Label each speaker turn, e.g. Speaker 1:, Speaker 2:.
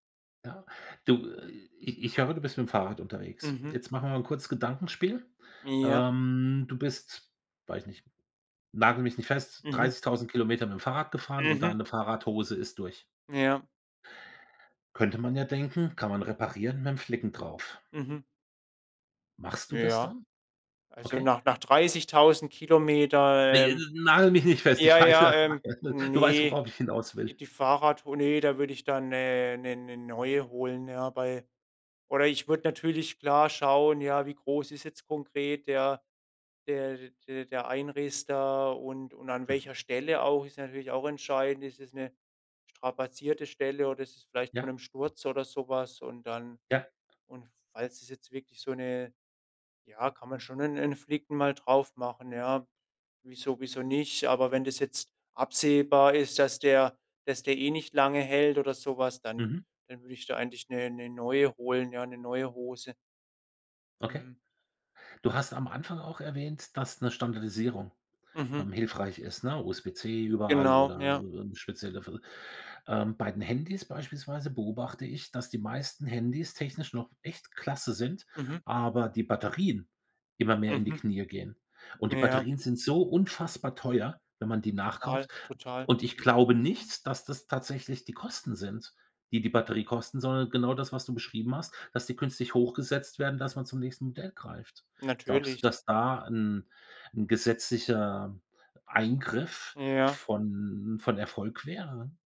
Speaker 1: Ja. Du, ich ich höre, du bist mit'm Fahrrad unterwegs.
Speaker 2: Mhm.
Speaker 1: Jetzt machen wir mal 'n kurzes Gedankenspiel.
Speaker 2: Ja.
Speaker 1: Ähm, du bist, weiß ich nicht nagel mich nicht fest,
Speaker 2: Mhm.
Speaker 1: 30.000 km mit'm Fahrrad gefahren und
Speaker 2: Mhm.
Speaker 1: deine Fahrradhose ist durch.
Speaker 2: Ja.
Speaker 1: Könnte man ja denken, kann man reparieren mit'm Flicken drauf.
Speaker 2: Mhm.
Speaker 1: Machst du das
Speaker 2: Ja.
Speaker 1: dann?
Speaker 2: Also,
Speaker 1: Okay.
Speaker 2: nach nach 30.000 km,
Speaker 1: Ne,
Speaker 2: ähm
Speaker 1: nagel mich nicht fest, ich
Speaker 2: ja,
Speaker 1: weiß
Speaker 2: ja,
Speaker 1: ja
Speaker 2: ähm,
Speaker 1: du weißt,
Speaker 2: ne,
Speaker 1: worauf ich hinaus
Speaker 2: die
Speaker 1: will.
Speaker 2: die Fahrradtour, ne, da würde ich da 'ne 'ne 'ne neue holen, ja, bei oder ich würde natürlich klar schauen, ja, wie groß ist jetzt konkret der der d d der Einriss da und und an
Speaker 1: Mhm.
Speaker 2: welcher Stelle auch. Ist natürlich auch entscheidend, ist es 'ne strapazierte Stelle oder ist es vielleicht von
Speaker 1: Ja.
Speaker 2: 'nem Sturz, oder so was. Und dann
Speaker 1: Ja.
Speaker 2: und falls es jetzt wirklich so 'ne ja, kann man schon 'n 'n Flicken mal drauf machen, ja. Wieso wieso nicht? Aber wenn das jetzt absehbar ist, dass der dass der eh nicht lange hält oder so was, dann
Speaker 1: Mhm.
Speaker 2: dann würde ich da eigentlich 'ne ne neue holen ja, 'ne neue Hose.
Speaker 1: Okay.
Speaker 2: Mhm.
Speaker 1: Du hast am Anfang auch erwähnt, dass 'ne Standardisierung,
Speaker 2: Mhm.
Speaker 1: ähm, hilfreich ist, ne, USB-C überall,
Speaker 2: Genau,
Speaker 1: oder
Speaker 2: ja.
Speaker 1: eben speziell dafür. Ähm, bei den Handys beispielsweise beobachte ich, dass die meisten Handys technisch noch echt klasse sind,
Speaker 2: Mhm.
Speaker 1: aber die Batterien immer mehr in die
Speaker 2: Mhm.
Speaker 1: Knie gehen. Und die
Speaker 2: Ja.
Speaker 1: Batterien sind so unfassbar teuer, wenn man die
Speaker 2: Total,
Speaker 1: nachkauft.
Speaker 2: total,
Speaker 1: Und ich
Speaker 2: mhm.
Speaker 1: glaube nicht, dass das tatsächlich die Kosten sind, die die Batterie kosten, sondern genau das, was du beschrieben hast, dass die künstlich hochgesetzt werden, dass man zum nächsten Modell greift. Glaubst du,
Speaker 2: Natürlich.
Speaker 1: dass da 'n 'n gesetzlicher Eingriff
Speaker 2: Ja.
Speaker 1: von von Erfolg wäre?